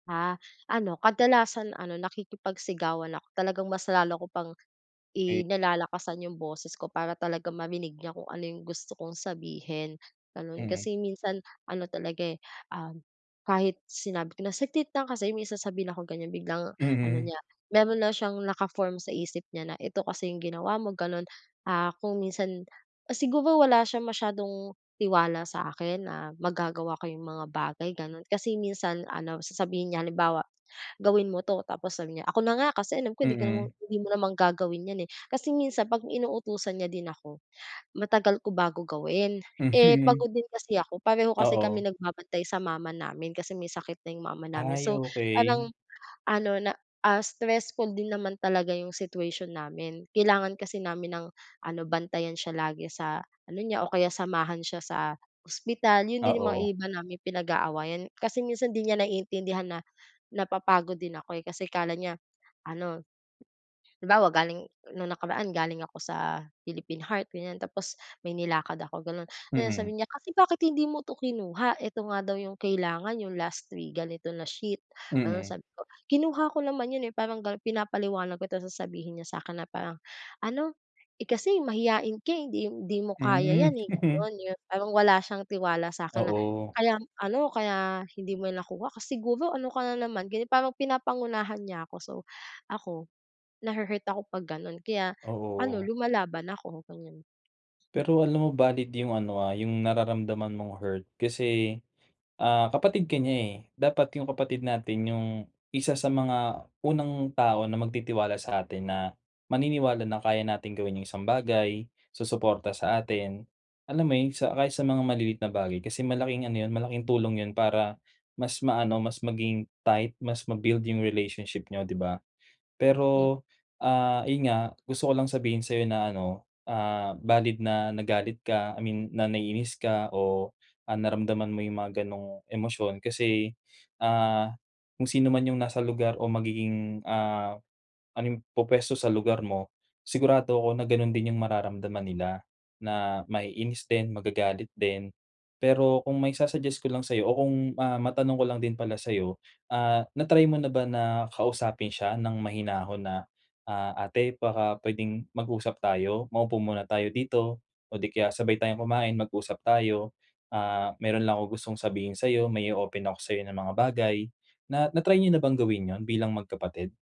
Ah, ano kadalasan ano nakikipagsigawan ako talagang mas lalo ko pang Ay. i nilalakasan yung boses ko para talaga marinig niya kung ano yung gusto kong sabihin, ganon. Mm. Kasi minsan ano talaga, eh, um kahit sinabi ko na, "Saglit lang kasi may sasabihin akong ganyan," biglang ano Mm. niya meron na siyang naka-form sa isip niya na ito kasi yung ginawa mo ganon. Ah kung minsan siguro wala siyang masyadong tiwala sa akin na magagawa ko yung mga bagay ganon. Kasi minsan, ano sasabihin niya halimbawa, "Gawin mo 'to" tapos sasabihin niya, "ako na nga, kasi alam ko hindi ka naman Mm. hindi mo naman gagawin 'yan, eh". Kasi minsan pag inuutusan niya din ako matagal ko bago gawin, eh Mhm. pagod din kasi ako, pareho kasi Oo. kami nagbabantay sa mama namin kasi may sakit na yung mama namin. Ay, So, okey. parang ano na, ah, stressful din naman talaga yung situation namin kailangan kasi namin ng ano bantayan siya lagi sa ano niya o kaya samahan siya sa hospital. Yon din yung mga Oo. iba naming pinag-aawayan. Kasi minsan hindi niya naiintindihan na napapagod din ako, eh kasi akala niya ano halimbawa, galing nung nakaraan galing ako sa Philippine Heart ganyan tapos may nilakad ako, gano'n. Tas Mm. sasabihin niya, "Kasi bakit hindi mo 'to kinuha ito nga daw yung kailangan yung last week, ganito na sheet". Ano Mm. sabi ko, "Kinuha ko naman 'yon, eh", parang ganon pinapaliwanag ko tapos sasabihin niya sa akin na parang ano, "Eh kasi mahiyain ka, hindi hindi mo kaya Hmm. 'yan, eh", gano'n. Yung parang wala siyang tiwala sa akin na, Oo. "Kaya ano, kaya hindi mo nakuha kasi siguro ano ka na naman", ganyan. Parang pinapangunahan niya ako so, ako nahuhurt ako pag gano'n kaya ano Oo. lumalaban ako ganyan. Pero alam mo valid yung ano, ah yung nararamdaman mong hurt kasi, ah, kapatid ka niya, eh. Dapat yung kapatid natin yung isa sa mga unang tao na magtitiwala sa atin na maniniwala na kaya natin gawin yung isang bagay, susuporta sa atin. Alam mo yon, sa kahit sa mga maliliit na bagay kasi malaking ano yon, malaking tulong yon para mas maano mas maging tight mas ma-build yung relationship niyo, 'di ba? Hmm. Pero, ah, ayon nga gusto ko lang sabihin sa'yo na ano, ah, valid na nagalit ka. I mean na naiinis ka o, ah, naramdaman mo yung mga ganong emosyon kasi, ah, kung sino man yung nasa lugar o magiging, ah anong pupuwesto sa lugar mo, sigurado ako na ganon din yung mararamdaman nila na maiinis din, magagalit din. Pero kung maisa-suggest ko lang sa'yo o kung, ah matanong ko lang din pala sa'yo, ah, na try mo na ba na kausapin siya ng mahinahon na, ah "Ate baka puwedeng mag-usap tayo, maupo muna tayo dito o di kaya sabay tayong kumain mag-usap tayo, ah, mayron lang akong gustong sabihin sayo, may o-open ako sayo ng mga bagay." Na na try niyo na bang gawin yon bilang magkapatid?